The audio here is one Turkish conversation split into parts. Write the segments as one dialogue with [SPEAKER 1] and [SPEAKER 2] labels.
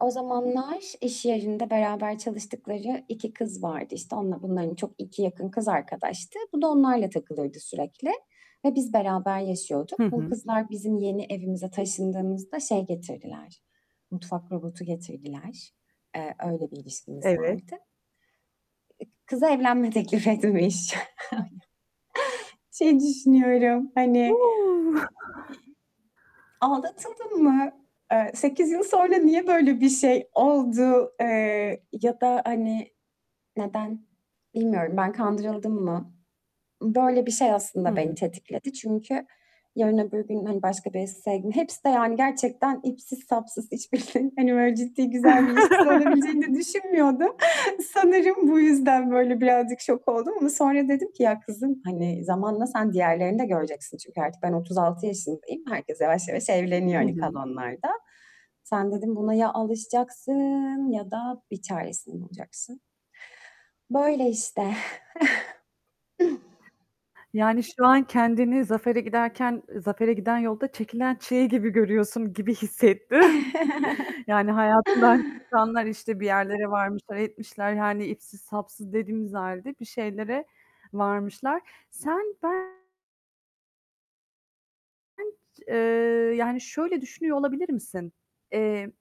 [SPEAKER 1] O zamanlar iş yerinde beraber çalıştıkları 2 kız vardı, işte, onunla bunların çok 2 yakın kız arkadaştı. Bu da onlarla takılırdı sürekli ve biz beraber yaşıyorduk.
[SPEAKER 2] Hı
[SPEAKER 1] Bu
[SPEAKER 2] hı.
[SPEAKER 1] kızlar bizim yeni evimize taşındığımızda şey getirdiler, mutfak robotu getirdiler. Eee, öyle bir ilişkimiz
[SPEAKER 2] Evet.
[SPEAKER 1] vardı. Eee, kıza evlenme teklif etmiş. Şeyi düşünüyorum,
[SPEAKER 2] U!
[SPEAKER 1] hani, [unintelligible] Aldatıldım mı? Eee, 8 yıl sonra niye böyle bir şey oldu, eee, ya da, hani, neden? Bilmiyorum, ben kandırıldım mı? Böyle bir şey
[SPEAKER 2] Hı
[SPEAKER 1] aslında beni
[SPEAKER 2] hı.
[SPEAKER 1] tetikledi çünkü yarın öbür gün, hani, başka birisi sevdim, hepsi de yani gerçekten ipsiz sapsız [unintelligible] Hani böyle ciddi, güzel bir ilişkisi olabileceğini de düşünmüyordum. Sanırım, bu yüzden böyle birazcık şok oldum ama sonra dedim ki ya, kızım, hani, zamanla sen diğerlerini de göreceksin çünkü artık ben 36 yaşındayım, herkes yavaş yavaş evleniyor,
[SPEAKER 2] Hı
[SPEAKER 1] hani,
[SPEAKER 2] hı.
[SPEAKER 1] kalanlarda. Sen dedim buna ya alışacaksın ya da bir çaresini bulacaksın. Böyle, işte.
[SPEAKER 2] Yani, şu an kendini zafere giderken, eee, zafere giden yolda çekilen çileyi gibi görüyorsun gibi hissettim, yani, hayatından çıkanlar, işte, bir yerlere varmışlar, etmişler, yani, ipsiz sapsız dediğimiz halde bir şeylere varmışlar. Sen ben [unintelligible] Eee, yani, şöyle düşünüyor olabilir misin? Eee,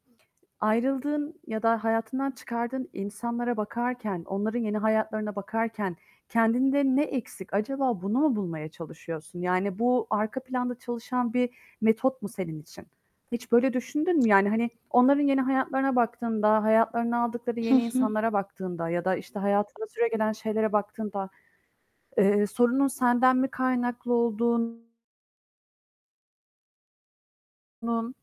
[SPEAKER 2] ayrıldığın ya da hayatından çıkardığın insanlara bakarken, onların yeni hayatlarına bakarken kendinde ne eksik acaba bunu mu bulmaya çalışıyorsun, yani, bu arka planda çalışan bir metot mu senin için? Hiç böyle düşündün mü, yani, hani, onların yeni hayatlarına baktığında, hayatlarına aldıkları
[SPEAKER 1] Hı
[SPEAKER 2] yeni
[SPEAKER 1] hı.
[SPEAKER 2] insanlara baktığında ya da, işte, hayatında süregelen şeylere baktığında, eee, sorunun senden mi kaynaklı olduğun nun